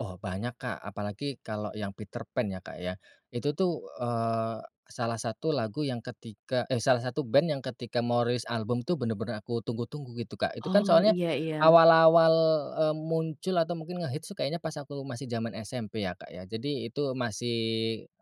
Oh banyak Kak apalagi kalau yang Peterpan ya Kak ya. Itu tuh, eee, salah satu lagu yang ketika eh, salah satu band yang ketika mau rilis album tuh bener-bener aku tunggu-tunggu gitu Kak itu kan Oh soalnya, iya iya. awal-awal, eee, muncul atau mungkin ngehits tuh kayaknya pas aku masih zaman SMP ya Kak ya jadi itu masih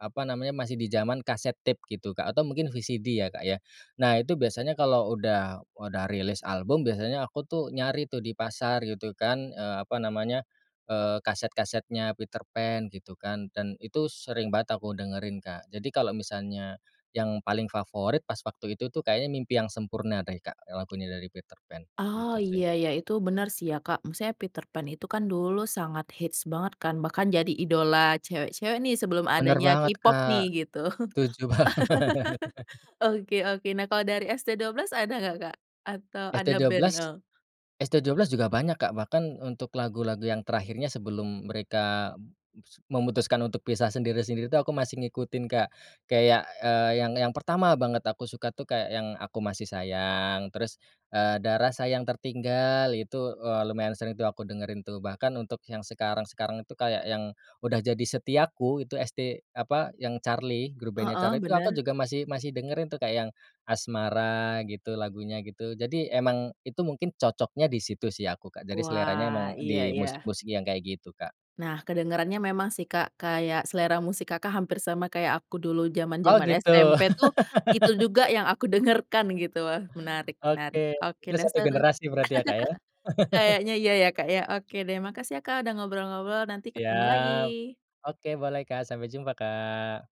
apa namanya masih di zaman cassette tape gitu Kak atau mungkin VCD ya Kak ya. Nah itu biasanya kalau udah udah rilis album biasanya aku tuh nyari tuh di pasar gitu kan, eee, apa namanya, eee, kaset-kasetnya Peterpan gitu kan dan itu sering banget aku dengerin Kak jadi kalau misalnya, yang paling favorit pas waktu itu tuh kayaknya Mimpi Yang Sempurna deh Kak yang lagunya dari Peterpan, Oh gitu sih. iya iya itu bener sih ya Kak maksudnya Peterpan itu kan dulu sangat hits banget kan bahkan jadi idola cewek-cewek nih sebelum Bener adanya banget K-pop nih Kak. gitu. Setuju banget. Oke oke nah kalo dari ST12 ada gak Kak? Atau ADA band, ST12, eh? ST12 juga banyak Kak bahkan untuk lagu-lagu yang terakhirnya sebelum mereka m mus memutuskan untuk pisah sendiri-sendiri tuh aku masih ngikutin Kak, kayak, eee, yang yang pertama banget aku suka tuh kayak yang Aku Masih Sayang terus, eee, Ada Rasa Yang Tertinggal itu, eee, lumayan sering tuh aku dengerin tuh bahkan untuk yang sekarang-sekarang tuh kayak yang, udah jadi Setiaku itu ST apa yang Charly grup bandnya Heeh, Charly tuh aku bener. juga masih masih dengerin tuh kayak yang, Asmara gitu lagunya gitu jadi emang itu mungkin cocoknya di situ sih aku Kak jadi seleranya Wah emang iya iya. dimusik-musik yang kayak gitu, Kak. Nah kedengerannya memang sih Kak kayak selera musik Kakak hampir sama kayak aku dulu Oh zaman-zaman gitu. SMP tuh, itu juga yang aku dengarkan gitu wah menarik Oke menarik oke kita deh 1 seru. generasi berarti ya Kak ya. Kayaknya iya ya Kak ya oke deh makasih ya Kak udah ngobrol-ngobrol nanti ketemu Siap. lagi. Oke boleh Kak sampai jumpa, Kak.